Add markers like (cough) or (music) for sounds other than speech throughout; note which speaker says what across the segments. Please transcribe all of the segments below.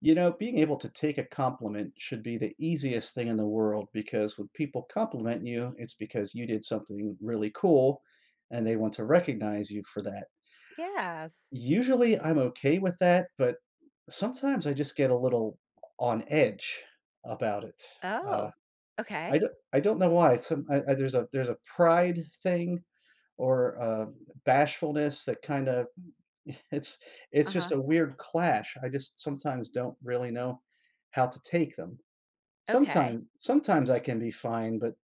Speaker 1: You know, being able to take a compliment should be the easiest thing in the world because when people compliment you, it's because you did something really cool and they want to recognize you for that.
Speaker 2: Yes.
Speaker 1: Usually I'm okay with that but, sometimes I just get a little on edge about it, uh,
Speaker 2: Oh.
Speaker 1: I
Speaker 2: Okay.
Speaker 1: d I don't know why, it's some I I there's a there's a pride thing or, um, bashfulness that kinda (chuckles) it's it's just
Speaker 2: Uh-huh.
Speaker 1: a weird clash, I just sometimes don't really know how to take them.
Speaker 2: Okay.
Speaker 1: Sometime sometimes I can be fine but,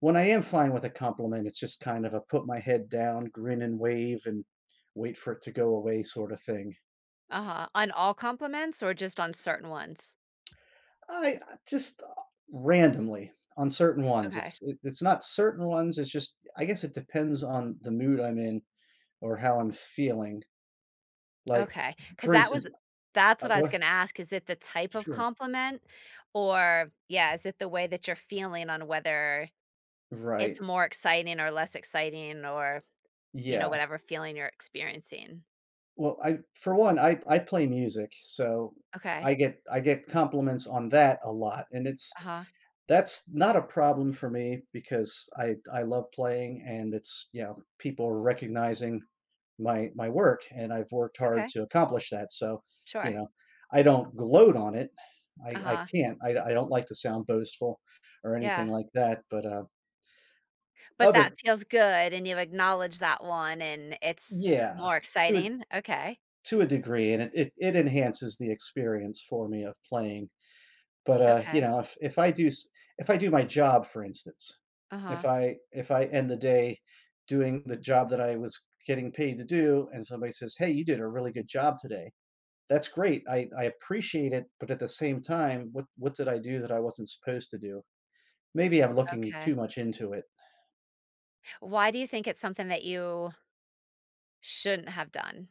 Speaker 1: when I am fine with a compliment, it's just kind of a put my head down, grin and wave, and wait for it to go away sorta thing.
Speaker 2: Uh-huh, on all compliments or just on certain ones?
Speaker 1: I, uh, just, uh, randomly, on certain ones,
Speaker 2: Okay.
Speaker 1: it's i it's not certain ones, it's just I guess it depends on the mood I'm in or how I'm feeling. Like
Speaker 2: Okay, 'cause
Speaker 1: for
Speaker 2: that
Speaker 1: instance,
Speaker 2: was that's
Speaker 1: I
Speaker 2: what I
Speaker 1: go
Speaker 2: was
Speaker 1: ah
Speaker 2: gonna ask, is it the type of
Speaker 1: Sure.
Speaker 2: compliment or yeah, is it the way that you're feeling on whether it's
Speaker 1: Right.
Speaker 2: more exciting or less exciting or, you know,
Speaker 1: Yeah.
Speaker 2: whatever feeling you're experiencing?
Speaker 1: Well, I for one, I I play music, so I
Speaker 2: Okay.
Speaker 1: get I get compliments on that a lot, and it's
Speaker 2: Uh-huh.
Speaker 1: that's not a problem for me because I th I love playing and it's yeah, people recognizing my my work and I've worked hard
Speaker 2: Okay.
Speaker 1: to accomplish that so, you
Speaker 2: Sure.
Speaker 1: know, I don't gloat on it, I I
Speaker 2: Uh-huh.
Speaker 1: can't, I I don't like to sound boastful or anything
Speaker 2: Yeah.
Speaker 1: like that, but, uh
Speaker 2: But that
Speaker 1: other
Speaker 2: feels good, and you acknowledge that one, and it's
Speaker 1: Yeah,
Speaker 2: more
Speaker 1: to a
Speaker 2: exciting? Okay.
Speaker 1: to a degree and it it enhances the experience for me of playing. But, uh, you
Speaker 2: Okay.
Speaker 1: know, if if I do s if I do my job, for instance, if
Speaker 2: Uh-huh.
Speaker 1: I if I end the day doing the job that I was getting paid to do and somebody says, "Hey, you did a really good job today," that's great, I I appreciate it but at the same time, what what did I do that I wasn't supposed to do? Maybe I'm looking
Speaker 2: Okay.
Speaker 1: too much into it.
Speaker 2: Why do you think it's something that you shouldn't have done?